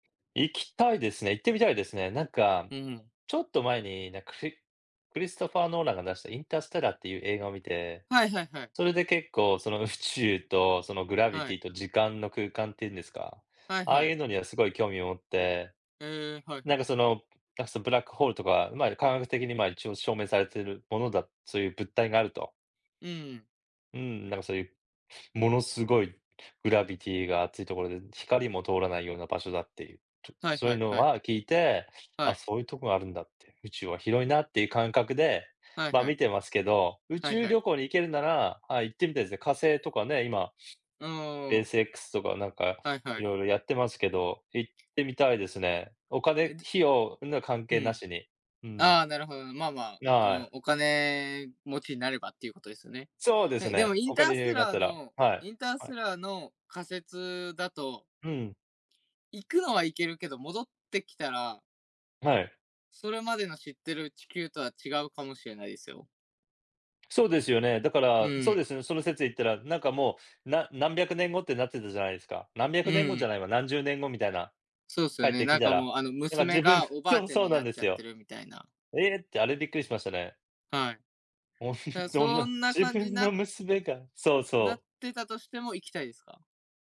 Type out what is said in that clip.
行きたいですね、行ってみたいですね。なんか、うん。ちょっと前になんかクリクリストファー・ノーランが出したインターステラーっていう映画を見て、はいはいはい。それで結構その宇宙とそのグラビはい。ティと時間の空間っていうんですか、はいああはいい。うのにはすごい興味を持って、へえ、はいなはんい。かその、なんかそのあ、ブラックホールとか、まあ、科学的にまあ、一応証明されているものだそういう物体があると。うん。うーん、なんかそういう、ものすごいグラビティが熱いところで、光も通らないような場所だっていう、ちょっ、はいそういはういのはい。は聞いて、はあ、い。そういうとこがあるんだって、宇宙は広いなっていう感覚で、はいまあは見い。てますけど、宇はい宙はい。旅行に行けるなら、ああ、行ってみたいですね。火星とかね、今、スうーペーん。ス X とかなんかはいはい。色々やってますけど、行ってみたいですね。おえ、金、で費用には関う係なん。しに。うん。ああ、なるほど、まあまあ、うはん、い。お金持ちになればっていうことですよね。そうですえ、でもね、インおタ金ーにス余テ裕があっラーたら、の、はいインタースはい。テラーの仮説だとうん。行くのは行けるけど、戻ってきたらはい。それまでの知ってる地球とは違うかもしれないですよ。そうですよね、だかうら、そうでん。すよね、その説で言ったら、なんかもう、な何百年後ってなってたじゃないですか。何百う年後じゃん。ないわ、何十年後みたいな、そうっす帰よっね、てなきんたから、もう、あの、やっぱ娘自分、がおばあそう、ちゃんそうにななんっでちゃすってよ。るみたいな。「ええ！」って、あれびっくりしましたね。はい。だかほんら、とその、んな自感じに分なのっ娘が、そうなそっう。てたとしても行きたいですか？